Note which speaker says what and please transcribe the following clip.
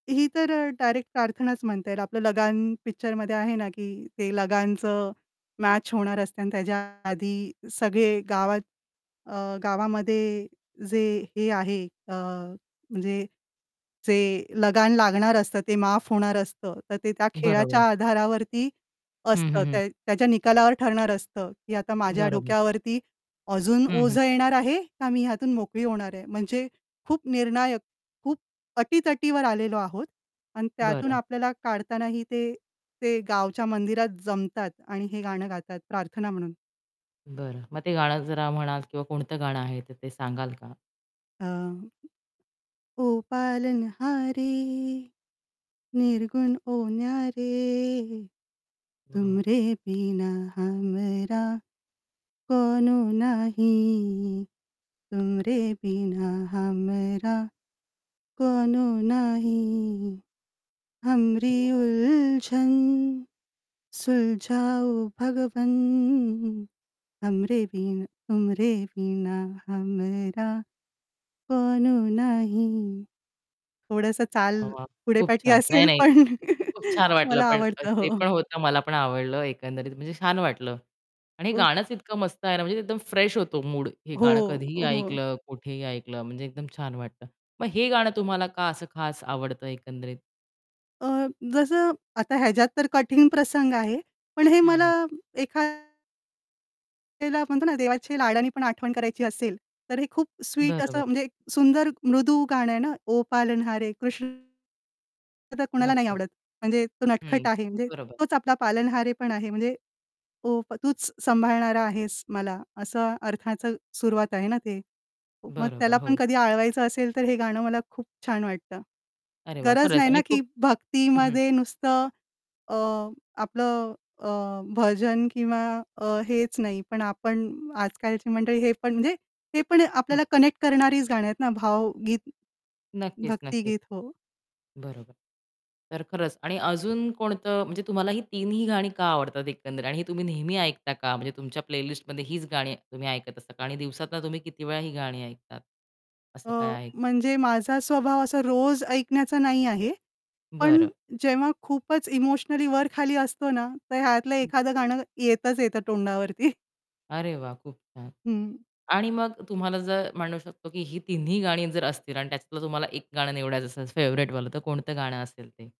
Speaker 1: ही तर अ, डायरेक्ट प्रार्थनाच म्हणता येईल. आपलं लगान पिक्चरमध्ये आहे ना की ते लगानचं मॅच होणार असते आणि त्याच्या आधी सगळे गावात अ, गावामध्ये जे हे आहे अ, म्हणजे जे लगान लागणार असतं ते माफ होणार असतं, तर ते त्या खेळाच्या
Speaker 2: बरोबर.
Speaker 1: आधारावरती
Speaker 2: हं,
Speaker 1: असतं.
Speaker 2: हं, हं.
Speaker 1: ते त्याच्या निकालावर ठरणार असतं, की आता माझ्या
Speaker 2: बरोबर.
Speaker 1: डोक्यावरती अजून
Speaker 2: हं, हं.
Speaker 1: ओझं येणार आहे का मी ह्यातून मोकळी होणार आहे? म्हणजे खूप निर्णायक खूप अटी-तटीवर आलेलो आहोत. आणि त्यातून
Speaker 2: बरं.
Speaker 1: आपल्याला काढतानाही ते ते गावच्या मंदिरात जमतात आणि हे गाणं गातात प्रार्थना म्हणून.
Speaker 2: बरं. मग ते गाणं जरा म्हणाल किंवा कोणतं गाणं आहे ते सांगाल का?
Speaker 1: अं, ओ पालन हारे निर्गुण हो ना रे
Speaker 2: हं.
Speaker 1: तुमरे बिना हमरा कोनो नाही तुमरे बिना हमरा कोनो नाही हमरी
Speaker 2: वाह!
Speaker 1: उलझन सुलझाऊ भगवन हमरे बिना तूमरे बिना हमरा कोनो नाही. थोडंसं चाल
Speaker 2: वाह! वाह!
Speaker 1: पुढे
Speaker 2: खूप
Speaker 1: पाठी
Speaker 2: छान. नाही,
Speaker 1: असेल
Speaker 2: नाही.
Speaker 1: पण
Speaker 2: खूप छान वाटलं
Speaker 1: मला
Speaker 2: पण अ,
Speaker 1: आवडतं.
Speaker 2: ते
Speaker 1: हो.
Speaker 2: पण होतं. मला पण आवडलं एकंदरीत म्हणजे छान वाटलं. आणि हे
Speaker 1: ओ
Speaker 2: गाणंच इतकं मस्त आहे ना, म्हणजे एकदम फ्रेश होतो मूड. हे
Speaker 1: हो,
Speaker 2: गाणं कधीही
Speaker 1: हो.
Speaker 2: ऐकलं, कुठेही ऐकलं म्हणजे एकदम छान वाटतं. मग हे गाणं तुम्हाला का असं खास आवडतं एकंदरीत?
Speaker 1: अ, जसं आता ह्याच्यात तर कठीण प्रसंग आहे. पण हे
Speaker 2: हं,
Speaker 1: मला
Speaker 2: हं.
Speaker 1: एखाद्याला म्हणतो ना, देवाच्या लाडाने पण आठवण करायची असेल, तर हे खूप स्वीट असं
Speaker 2: बरोबरं.
Speaker 1: म्हणजे एक सुंदर मृदू गाणं आहे ना. ओ पालनहारे कृष्ण तर कुणाला नाही
Speaker 2: नक्कीच.
Speaker 1: आवडत. म्हणजे तो नटखट
Speaker 2: हं.
Speaker 1: आहे म्हणजे
Speaker 2: बरोबर.
Speaker 1: तोच आपला पालनहारे पण आहे म्हणजे ओ तूच सांभाळणारा आहेस मला, असं अर्थाचं सुरुवात आहे ना ते. मग त्याला
Speaker 2: बरोबर,
Speaker 1: पण
Speaker 2: हो.
Speaker 1: कधी आळवायचं असेल, तर हे गाणं मला खूप छान वाटतं.
Speaker 2: अरे, वाह!
Speaker 1: गरज
Speaker 2: खरंच
Speaker 1: नाही ना
Speaker 2: आणि
Speaker 1: की
Speaker 2: खूप हं, हं.
Speaker 1: भक्तीमध्ये नुसतं अ, आपलं अ, भजन किंवा अ, हेच नाही पण आपण आज-कालची मंडळी हे पण म्हणजे हे पण
Speaker 2: हं.
Speaker 1: आपल्याला कनेक्ट करणारीच गाणी आहेत ना. भावगीत,
Speaker 2: नक्कीच, नक्कीच.
Speaker 1: भक्तीगीत. हो.
Speaker 2: बरोबर. तर खरंच आणि अजून कोणतं म्हणजे तुम्हाला ही तिन्ही गाणी का आवडतात एकंदरीत. आणि ही तुम्ही नेहमी ऐकता का? म्हणजे तुमच्या प्लेलिस्टमध्ये हीच गाणी तुम्ही ऐकत असता का? आणि दिवसातनं तुम्ही किती वेळा ही गाणी ऐकतात, असं काय
Speaker 1: अ,
Speaker 2: आहे का?
Speaker 1: म्हणजे माझा स्वभाव असा रोज ऐकण्याचा नाही आहे पण
Speaker 2: बरं.
Speaker 1: जेव्हा खूपच इमोशनली वर-खाली असतो ना, तर ह्यातलं
Speaker 2: हं.
Speaker 1: एखादं गाणं येतच येतं तोंडावरती.
Speaker 2: अरे, वाह! खूप छान.
Speaker 1: हं.
Speaker 2: आणि मग तुम्हाला जर म्हणू शकतो की ही तिन्ही गाणी जर असतील आणि त्यातलं तुम्हाला एक गाणं निवडायचं असेल फेव्हराइटवालं तर कोणतं गाणं असेल ते?